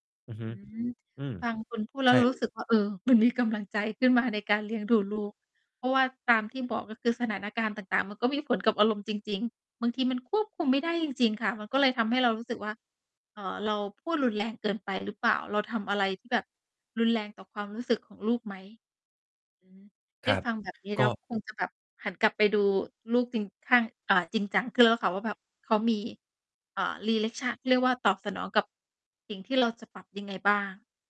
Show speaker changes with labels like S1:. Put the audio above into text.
S1: อือฮ
S2: อ
S1: ึ
S2: ืม
S1: อืม
S2: บางคนพูดแล
S1: ใช
S2: ้วเ
S1: ่
S2: รา
S1: เ
S2: รู
S1: ล
S2: ้
S1: ย
S2: สึกว่า เออ มันมีกำลังใจขึ้นมาในการเลี้ยงดูลูก เพราะว่าตามที่บอก ก็คือสถานการณ์ต่าง ๆ มันก็มีผลกับอารมณ์จริง ๆ บางทีมันควบคุมไม่ได้จริง ๆ ค่ะ มันก็เลยทำให้เรารู้สึกว่า เอ่อ เราพูดรุนแรงเกินไปหรือเปล่า? เราทำอะไรที่แบบรุนแรงต่อความรู้สึกของลูกไหม? อือฮี ไ
S1: ค
S2: ด้
S1: รับ
S2: ฟังแบบนี้แ
S1: ก
S2: ล้
S1: ็
S2: ว คงจะแบบ หันกลับไปดูลูกจริง ข้าง อ่า จริงจังขึ้นแล้วค่ะว่าแบบ เขามี เอ่อ ลีเล็กช่า เรียกว่าตอบสนองกับ สิ่งที่เราจะปรับยังไงบ้าง?